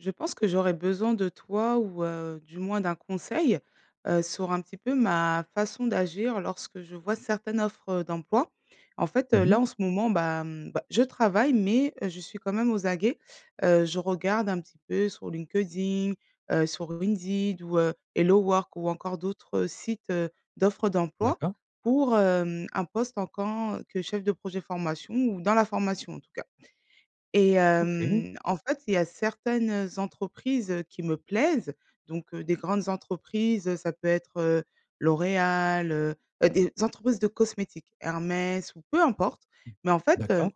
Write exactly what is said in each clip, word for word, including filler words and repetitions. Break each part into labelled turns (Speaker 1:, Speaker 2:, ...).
Speaker 1: Je pense que j'aurais besoin de toi ou, heu, du moins d'un conseil, heu, sur un petit peu ma façon d'agir lorsque je vois certaines offres d'emploi. En fait,
Speaker 2: Mmh
Speaker 1: heu, là
Speaker 2: mh.
Speaker 1: en ce moment, bah, hem, bah, je travaille, mais je suis quand même aux aguets. Heu, je regarde un petit peu sur LinkedIn, heu, sur ou Indeed, ou heu, HelloWork, ou encore d'autres sites, heu, d'offres d'emploi,
Speaker 2: D'accord.
Speaker 1: pour, hem, un poste en quand que chef de projet formation ou dans la formation en tout cas. Et,
Speaker 2: OK.
Speaker 1: hem, en fait, il y a certaines entreprises, heu, qui me plaisent. Donc, heu, des grandes entreprises, ça peut être, heu, L'Oréal, heu, heu, des entreprises de cosmétiques, Hermès ou peu importe. Mais en fait, heu,
Speaker 2: D'accord.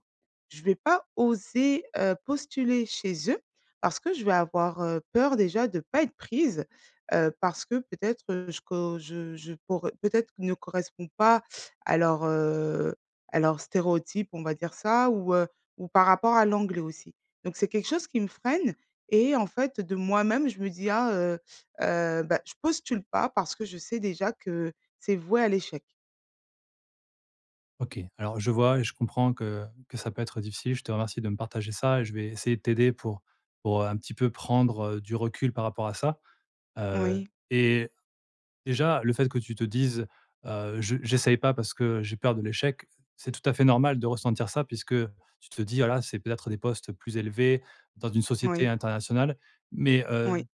Speaker 1: je vais pas oser, heu, postuler chez eux parce que je vais avoir, heu, peur déjà de pas être prise, heu, parce que peut-être, heu, je co, je je cor peut-être ne correspond pas à leur, heu, à leurs stéréotypes, on va dire ça, ou heu ou par rapport à l'anglais aussi. Donc c'est quelque chose qui me freine, et en fait de moi-même je me dis: «Ah, heu, heu, ben, je postule pas parce que je sais déjà que c'est voué à l'échec.».
Speaker 2: OK. Alors je vois et je comprends que que ça peut être difficile. Je te remercie de me partager ça et je vais essayer de t'aider pour pour, heu, un petit peu prendre, heu, du recul par rapport à ça. Heu,
Speaker 1: Moui.
Speaker 2: et déjà, le fait que tu te dises: «Heu, je j'essaye pas parce que, heu, j'ai peur de l'échec», c'est tout à fait normal de ressentir ça puisque, heu, tu te dis: «Voilà, c'est peut-être des postes plus élevés, dans une société
Speaker 1: Moui.
Speaker 2: internationale». Mais, heu,
Speaker 1: Oui.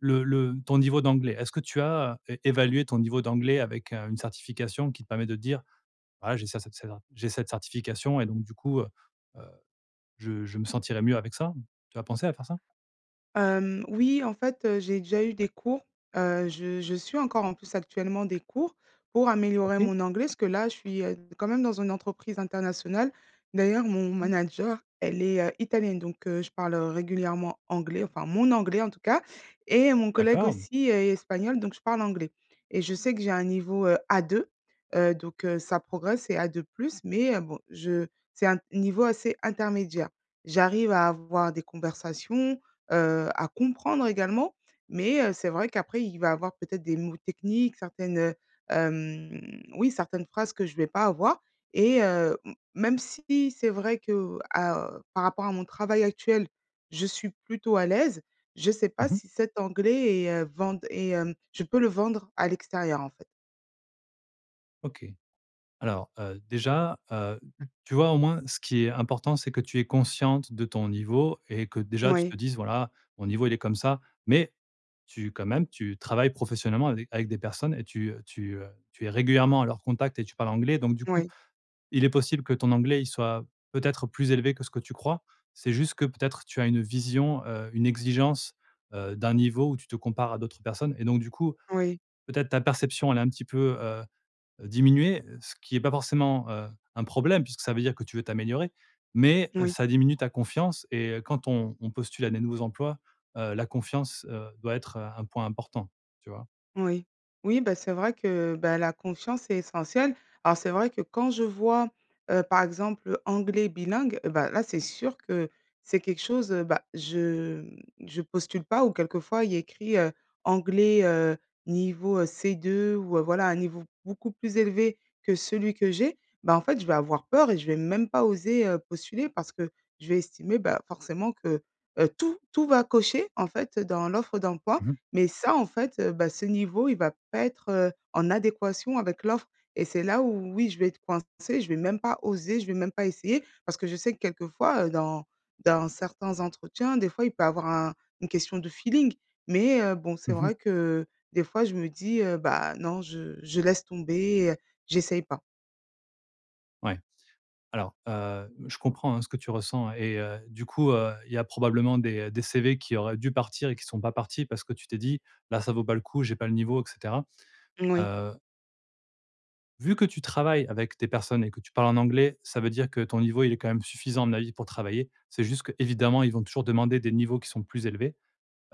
Speaker 2: le le ton niveau d'anglais, est-ce que tu as as é évalué ton niveau d'anglais avec, heu, une certification qui te permet de te dire: «Ah j'ai ça cette cedra j'ai cette certification et donc, du coup, heu heu, je je me sentirais mieux avec ça.» Tu as pensé à faire ça?
Speaker 1: Hem, oui, en fait, heu, j'ai déjà eu des cours. Heu, je je suis encore, en plus, actuellement des cours pour améliorer
Speaker 2: OK.
Speaker 1: mon anglais ce que là, je suis, heu, quand même dans une entreprise internationale. D'ailleurs, mon
Speaker 2: OK.
Speaker 1: manager, elle est, heu, italienne, donc, heu, je parle régulièrement anglais, enfin mon anglais, en tout cas. Et mon collègue
Speaker 2: D'accord.
Speaker 1: aussi est est espagnol, donc je parle anglais. Et je sais que j'ai un niveau, heu, A2, heu, donc, heu, ça progresse. C'est A2+, mais, heu, bon, je c'est un niveau assez intermédiaire. J'arrive à avoir des conversations, heu à comprendre également, mais, heu, c'est vrai qu'après il va avoir peut-être des mots techniques, certaines heu, hem oui, certaines phrases que je vais pas avoir et heu, m même si c'est vrai que à, heu par rapport à mon travail actuel, je suis plutôt à l'aise, je sais
Speaker 2: Mmh
Speaker 1: pas
Speaker 2: mh.
Speaker 1: si cet anglais est, heu, vend est, hem je peux le vendre, à l'extérieur, en fait.
Speaker 2: OK. Alors, heu, déjà, heu, tu vois, au moins ce qui est important, c'est que tu es consciente de ton niveau et que déjà tu te
Speaker 1: Moui.
Speaker 2: dises: «Voilà, mon niveau, il est comme ça». Mais tu quand même, tu travailles professionnellement à des avec des personnes, et tu, heu tu, heu tu es régulièrement à leur contact et tu parles anglais. Donc du coup,
Speaker 1: Moui.
Speaker 2: il est possible que ton anglais il soit peut-être plus élevé que ce que tu crois. C'est juste que peut-être tu as une vision, heu, une exigence, heu, d'un niveau où tu te compares à d'autres personnes et donc, du coup,
Speaker 1: Oui.
Speaker 2: peut-être ta perception elle a un petit peu, heu, diminué. Heu, ce qui est pas forcément, heu, un problème puisque ça veut dire que tu veux t'améliorer. Mais, heu,
Speaker 1: Oui.
Speaker 2: ça diminue ta confiance et heu, quand on on postule à des nouveaux emplois, heu, la confiance, heu, doit être, heu, un point important. Tu vois?
Speaker 1: Oui. Oui, bah, c'est vrai que, heu, bah, la confiance est essentielle. Alors c'est vrai que quand je vois, heu, par exemple, heu, anglais bilingue, heu, bah, là c'est sûr que c'est quelque chose, heu, bah, je m je postule pas. Ou quelquefois, il y a écrit, heu, anglais, heu, niveau, heu, C2 ou heu, voilà un niveau beaucoup plus élevé que celui que j'ai. Bah, en fait, je vais avoir peur et je vais même pas oser, heu, postuler parce que je vais estimer, bah, forcément que, heu, tout tout va cocher en fait, heu, dans l'offre d'emploi,
Speaker 2: Mmh mh.
Speaker 1: mais ça en fait, heu, bah, ce niveau il va pas être, heu, en adéquation avec l'offre et c'est là où, oui, je vais être coincée. Je vais même pas oser, je vais même pas essayer. Parce que je sais que quelquefois, heu, dans dans certains entretiens, des fois il peut avoir un une question de feeling. Mais, heu, bon, c'est
Speaker 2: Mmh mh.
Speaker 1: vrai que, heu, des fois je me dis, heu: «Bah non, je je laisse tomber, heu, j'essaie pas.»
Speaker 2: Ouais. Alors, heu, je comprends, hein, ce que tu ressens et heu, du coup, heu, il y a probablement des, heu, des CV qui auraient dû partir et qui sont pas partis, parce que tu t'es dit: «Bah, ça ne vaut pas le coup, j'ai pas le niveau» et cetera.
Speaker 1: Moui.
Speaker 2: Heu vu que tu travailles avec des personnes et que tu parles en anglais, ça veut dire que ton niveau, il est quand même suffisant, à mon avis, pour travailler. C'est juste que, évidemment, ils vont toujours demander des niveaux qui sont plus élevés.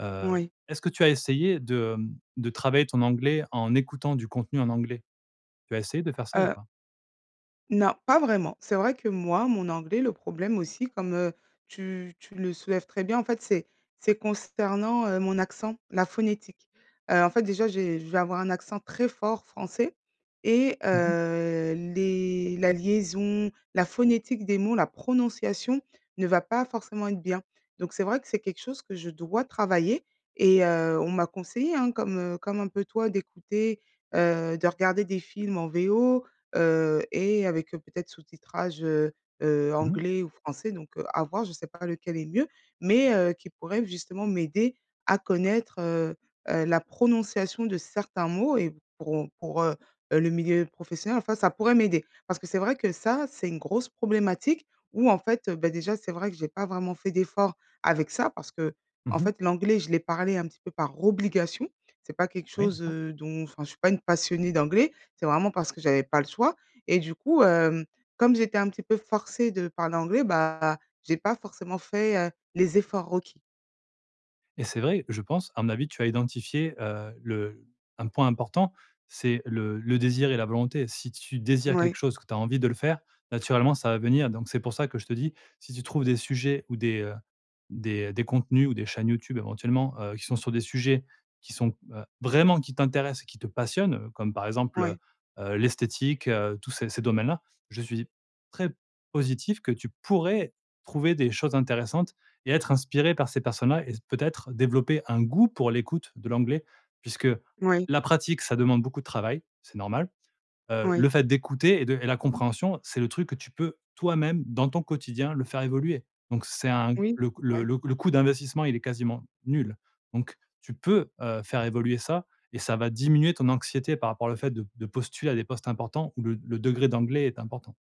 Speaker 2: Heu,
Speaker 1: Oui.
Speaker 2: est-ce que tu as essayé de, hem, de travailler ton anglais, en écoutant du contenu en anglais? Tu as essayé de faire ça ou
Speaker 1: Heu
Speaker 2: pas?
Speaker 1: non pas vraiment. C'est vrai que moi, mon anglais, le problème aussi comme, heu, tu tu le soulèves très bien, en fait, c'est c'est consternant, heu, mon accent, la phonétique. Heu, en fait déjà j'ai je vais avoir un accent très fort français et
Speaker 2: Mmh mh.
Speaker 1: heu, les la liaison, la phonétique des mots, la prononciation ne va pas forcément être bien. Donc c'est vrai que c'est quelque chose que je dois travailler et heu, on m'a conseillée, hein, comme, heu, comme un peu toi, d'écouter, heu, de regarder des films en VO, heu et avec, heu, peut-être sous-titrage, heu heu,
Speaker 2: Mmh mh.
Speaker 1: anglais ou français, donc heu, à voir. Je sais pas lequel est mieux mais, heu, qui pourrait justement m'aider à connaître, heu heu, la prononciation de certains mots et pour on pour, heu heu le milieu professionnel enfin ça pourrait m'aider. Parce que c'est vrai que ça, c'est une grosse problématique, où en fait, heu, bah, déjà, c'est vrai que j'ai pas vraiment fait d'effort avec ça, parce qu'en
Speaker 2: Mmh mh.
Speaker 1: fait, l'anglais je l'ai parlé un petit peu par obligation. C'est pas quelque
Speaker 2: Oui,
Speaker 1: chose,
Speaker 2: d'accord.
Speaker 1: heu, dont enfin, je suis pas une passionnée d'anglais. C'est vraiment parce que j'avais pas le choix. Et du coup, hem, comme j'étais un petit peu forcée de parler anglais, bah, j'ai pas forcément fait, heu, les efforts requis.
Speaker 2: Et c'est vrai, je pense, à mon avis, tu as identifié, heu, le un point important, c'est le le désir et la volonté. Si tu désires quelque
Speaker 1: Mouais.
Speaker 2: chose, que tu as envie de le faire, naturellement ça va venir. Donc, c'est pour ça que je te dis, si tu trouves des sujets ou des, heu, des des contenus ou des chaînes YouTube éventuellement, heu, qui sont sur des sujets, qui sont, heu, vraiment qui t'intéressent et qui te passionnent, heu, comme par exemple heu,
Speaker 1: Ouais.
Speaker 2: heu l'esthétique, heu, tous ces ces domaines-là, je suis très positif que tu pourrais trouver des choses intéressantes et être inspirée par ces personnes-là et peut-être développer un goût pour l'écoute de l'anglais. Puisque
Speaker 1: Moui.
Speaker 2: la pratique, ça demande beaucoup de travail, c'est normal. Heu,
Speaker 1: Oui.
Speaker 2: le fait d'écouter et de et la compréhension, c'est le truc que tu peux toi-même, dans ton quotidien, le faire évoluer. Donc c'est un
Speaker 1: Oui.
Speaker 2: le coû le
Speaker 1: Ouais.
Speaker 2: le c le coût d'investissement, il est quasiment nul. Donc, tu peux, heu, faire évoluer ça et ça va diminuer ton anxiété par rapport à le fait de de postuler à des postes importants ou le le degré d'anglais est important.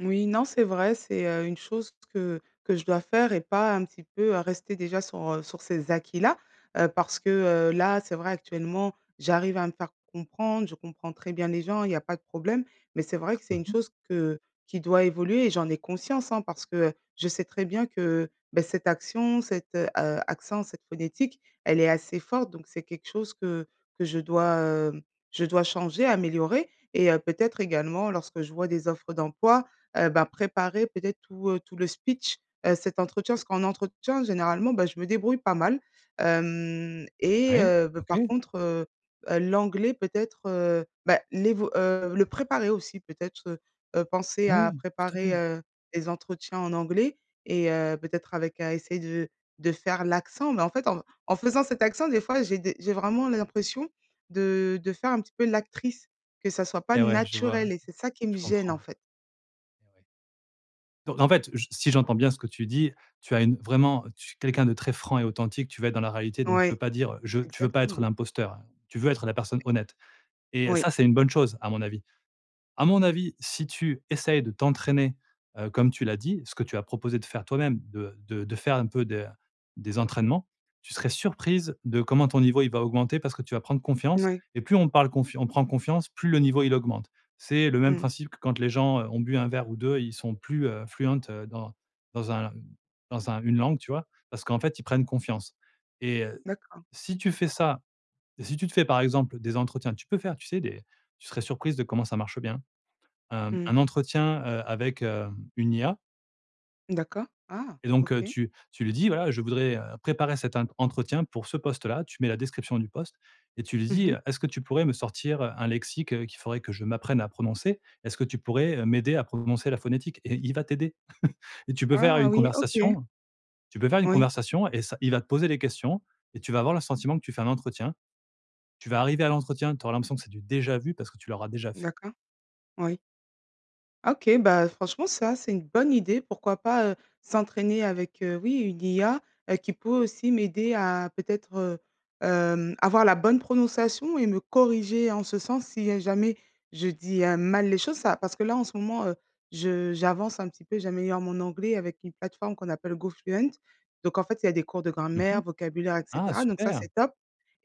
Speaker 1: Moui, non, c'est vrai. C'est heu, une chose que que je dois faire et pas un petit peu, heu, rester déjà sur, heu, sur ces acquis-là, heu, parce que heu, là, c'est vrai actuellement, j'arrive à me faire comprendre. Je comprends très bien les gens. Il y a pas de problème, mais c'est vrai que c'est
Speaker 2: Mmh
Speaker 1: une
Speaker 2: mh.
Speaker 1: chose que qui doit évoluer et j'en ai conscience, hein. Parce que, heu, je sais très bien que, bah, cette action, cet, heu, heu, accent, cette phonétique, elle est assez forte. Donc c'est quelque chose que que je dois, hem, je dois changer, améliorer. Et heu, peut-être également lorsque je vois des offres d'emploi, heu, ben, préparer peut-être tout, heu, tout le speech, heu, cet entretien. Parce qu'en entretien généralement, bah je me débrouille pas mal hem et
Speaker 2: Oui,
Speaker 1: heu, bah par
Speaker 2: OK!
Speaker 1: contre, heu, heu, l'anglais peut-être heu, bah l'évo heu, le préparer aussi peut-être heu, heu penser à
Speaker 2: Oui! Tout à
Speaker 1: préparer,
Speaker 2: fait.
Speaker 1: heu, les entretiens en anglais et heu peut-être avec à essayer de de faire l'accent. Mais en fait en en faisant cet accent, des fois j'ai des j'ai vraiment l l'impression de de faire un petit peu l'actrice, que ça soit pas
Speaker 2: Et ouais, je vois.
Speaker 1: naturel et c'est ça qui me
Speaker 2: Je
Speaker 1: gêne, en
Speaker 2: comprends.
Speaker 1: fait.
Speaker 2: Donc, en fait, j si j'entends bien ce que tu dis, tu as une vraiment tu es quelqu'un de très franc et authentique. Tu veux être dans la réalité, donc tu veux
Speaker 1: Ouais.
Speaker 2: pas dire heu: «Je» tu veux pas être
Speaker 1: Exactement.
Speaker 2: l'imposteur. Tu veux être la personne honnête. Et
Speaker 1: Oui.
Speaker 2: ça, c'est une bonne chose, à mon avis. À mon avis, si tu essayes de t'entraîner, heu, comme tu l'as dit- ce que tu as proposé de faire toi-même de de de faire un peu de des entraînements- tu serais surprise de comment ton niveau, il va augmenter, parce que tu vas prendre confiance
Speaker 1: Mouais.
Speaker 2: et plus on parle confian on prend confiance, plus le niveau, il augmente. C'est le même
Speaker 1: Mmh.
Speaker 2: principe que quand les gens, heu, ont bu un verre ou deux, ils sont plus, heu, fluent, heu, dans dans un dans un une langue, tu vois? Parce qu'en fait, ils prennent confiance. Et heu,
Speaker 1: D'accord.
Speaker 2: si tu fais ça, si tu te fais par exemple des entretiens. Tu peux faire, tu sais des tu serais surprise de comment ça marche bien. Hem,
Speaker 1: Mmh.
Speaker 2: un entretien, heu, avec hem, une IA
Speaker 1: D'accord. Ah!
Speaker 2: et donc heu,
Speaker 1: OK.
Speaker 2: tu tu lui dis: «Voilà, je voudrais heu, préparer cet int entretien pour ce poste-là», tu mets la description du poste et tu lui
Speaker 1: Mmh
Speaker 2: dis
Speaker 1: mh.
Speaker 2: heu: «Est-ce que tu pourrais me sortir, heu, un lexique, heu, qu'il faudrait que je m'apprenne à prononcer? Est-ce que tu pourrais, heu, m'aider à prononcer la phonétique?» Et il va t'aider. Et tu peux faire
Speaker 1: Ah
Speaker 2: une
Speaker 1: oui, OK.
Speaker 2: conversation. Tu peux faire une
Speaker 1: Oui.
Speaker 2: conversation et ça il va te poser les questions et tu vas avoir le sentiment que tu fais un entretien. Tu vas arriver à l'entretien, tu auras l'impression que c'est du déjà vu, parce que tu l'auras déjà fait.
Speaker 1: D'accord. Oui. Ah OK. Bah, heu, franchement, ça, c'est une bonne idée. Pourquoi pas, heu, s'entraîner avec, heu, oui une IA, heu, qui peut aussi m'aider à peut-être heu, hem, avoir la bonne prononciation et me corriger en ce sens, si, heu, jamais je dis, heu, mal les choses. Ça parce que là en ce moment, heu, je j'avance un petit peu. J'améliore mon anglais avec une plateforme qu'on appelle Gofluent. Donc en fait, il y a des cours de
Speaker 2: Mmh mh.
Speaker 1: grammaire, vocabulaire et
Speaker 2: Ah,
Speaker 1: cetera, donc ça,
Speaker 2: super!
Speaker 1: c'est top!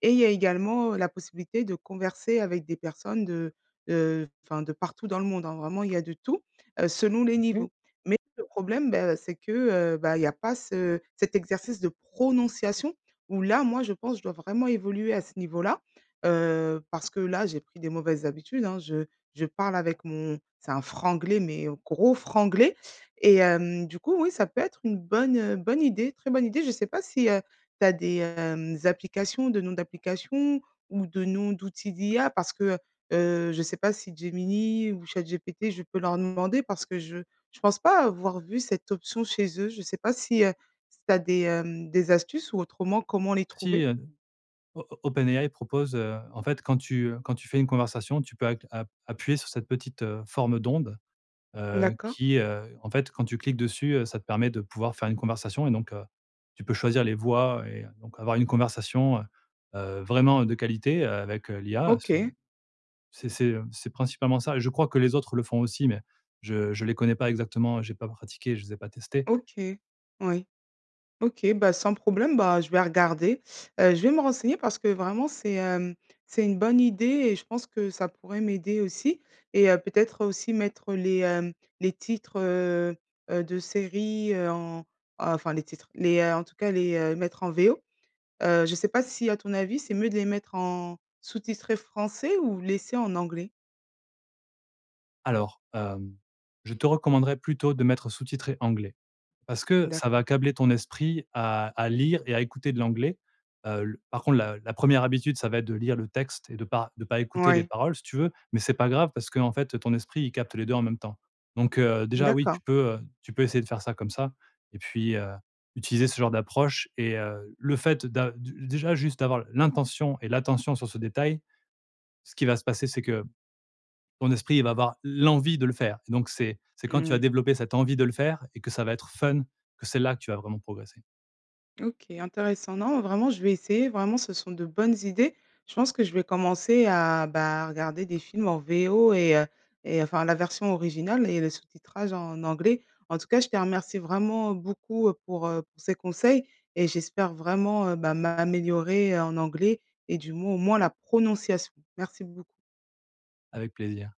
Speaker 1: Et il y a également la possibilité de converser avec des personnes de, heu, heu enfin de partout dans le monde, hein. Vraiment, il y a de tout, heu, selon les
Speaker 2: OK.
Speaker 1: niveaux. Mais le problème, bah c'est que, heu, bah il y a pas ce cet exercice de prononciation où là, moi je pense, je dois vraiment évoluer à ce niveau-là. Heu, parce que là, j'ai pris des mauvaises habitudes hein, je je parle avec mon c'est un franglais mais gros franglais. Et hem, du coup, oui, ça peut être une bonne, heu, bonne idée, très bonne idée. Je sais pas si, heu, tu as des, hem, applications, de noms d'applications ou de noms d'outils d'IA, parce que heu, heu, je sais pas si, Gemini ou ChatGPT, je peux leur demander, parce que je je pense pas avoir vu cette option chez eux, je sais pas si, heu, si tu as des, hem, des astuces ou autrement, comment les
Speaker 2: Si
Speaker 1: trouver?
Speaker 2: heu o op OpenAI propose heu en fait, quand tu heu, quand tu fais une conversation, tu peux app app appuyer sur cette petite, heu, forme d'onde, heu,
Speaker 1: D'accord.
Speaker 2: qui, heu en fait quand tu cliques dessus, heu, ça te permet de pouvoir faire une conversation et donc, heu, tu peux choisir les voix et donc avoir une conversation, heu, heu, vraiment de qualité, heu, avec, heu, l'IA c'est
Speaker 1: OK.
Speaker 2: c'est c'est, heu, c'est principalement ça. Et je crois que les autres le font aussi mais je je les connais pas exactement. Heu j'ai pas pratiqué, je les ai pas testées.
Speaker 1: OK. Oui. OK, bah sans problème. Bah je vais regarder. Heu je vais me renseigner, parce que vraiment c'est, hem, c'est une bonne idée et je pense que ça pourrait m'aider aussi. Et heu, peut-être aussi mettre les, hem, les titres, heu, heu, de séries, heu, en enfin les titres, les heu, en tout cas les, heu, mettre en V.O. Heu, je sais pas si, à ton avis, c'est mieux de les mettre en sous-titrés français ou laisser en anglais?
Speaker 2: Alors, hem, je te recommanderais plutôt de mettre sous-titré anglais, parce que ça va
Speaker 1: D'accord.
Speaker 2: câbler ton esprit à à lire et à écouter de l'anglais. Heu, le par contre, la la première habitude, ça va être de lire le texte et de pas de pas écouter les
Speaker 1: Ouais.
Speaker 2: paroles, si tu veux. Mais c'est pas grave, parce qu'en fait, ton esprit, il capte les deux en même temps. Donc, heu, déjà, oui,
Speaker 1: D'accord.
Speaker 2: tu peux, heu tu peux essayer de faire ça comme ça. Et puis, heu, utiliser ce genre d'approche et, heu, le fait d'a de déjà juste d'avoir l'intention et l'attention sur ce détail, ce qui va se passer, c'est que ton esprit va avoir l'envie de le faire. Donc c'est c'est quand tu
Speaker 1: Mmh
Speaker 2: as
Speaker 1: mh.
Speaker 2: développé cette envie de le faire et que ça va être fun, que c'est là que tu vas vraiment progresser.
Speaker 1: OK, intéressant. Non vraiment, je vais essayer. Vraiment, ce sont de bonnes idées. Je pense que je vais commencer à bah, regarder des films en VO et heu et, heu, enfin la version originale et le sous-titrage en anglais. En tout cas, je te remercie vraiment, heu, beaucoup pour, heu, pour ces conseils et j'espère vraiment, heu, bah, m'améliorer en anglais et du moins, au moins la prononciation. Merci beaucoup.
Speaker 2: Avec plaisir.